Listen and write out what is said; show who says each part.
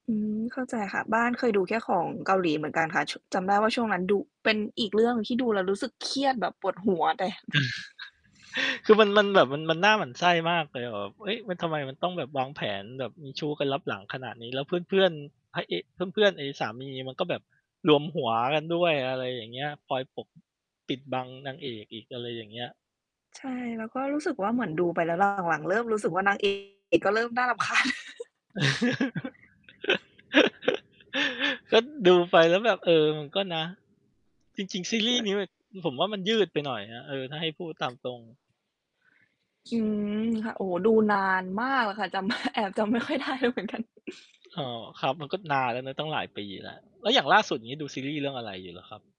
Speaker 1: อืม เข้าใจค่ะ บ้านเคยดูแค่ของเกาหลีเหมือนกันค่ะ ช จำได้ว่าช่วงนั้นดู เป็นอีกเรื่องหนึ่งที่ดูแล้วรู้สึกเครียดแบบปวดหัวแต่
Speaker 2: คือมัน มันแบบมัน มันน่าหมั่นไส้มากเลย แบบ เฮ้ย มัน ทำไมมันต้องแบบวางแผนแบบมีชู้กันลับหลังขนาดนี้ แล้วเพื่อน ๆ พระเอก เพื่อน ๆ ไอ้สามีมันก็แบบรวมหัวกันด้วย อะไรอย่างเงี้ย คอยปก ปิดบังนางเอกอีก อะไรอย่างเงี้ย
Speaker 1: ใช่ แล้วก็รู้สึกว่า เหมือนดูไปแล้ว หลัง ๆ เริ่มรู้สึกว่า นาง เอก ก็เริ่มน่า รำคาญ
Speaker 2: ก็ดูไปแล้วแบบ เออ มันก็นะ จริง ๆ ซีร
Speaker 1: ใช
Speaker 2: ีส
Speaker 1: ่
Speaker 2: ์นี้มัน ผมว่ามันยืดไปหน่อยนะ เออ ถ้าให้พูดตามตรง
Speaker 1: อืม โอ้ ดูนานมากอะค่ะ จำ แอบจำไม่ค่อยได้เลยเหมือนกัน
Speaker 2: อ๋อ ครับมันก็นานแล้วนะตั้งหลายปีแล้ว แล้วอย่างล่าสุดนี้ดูซีรีส์เรื่องอะไรอยู่เหรอครับ?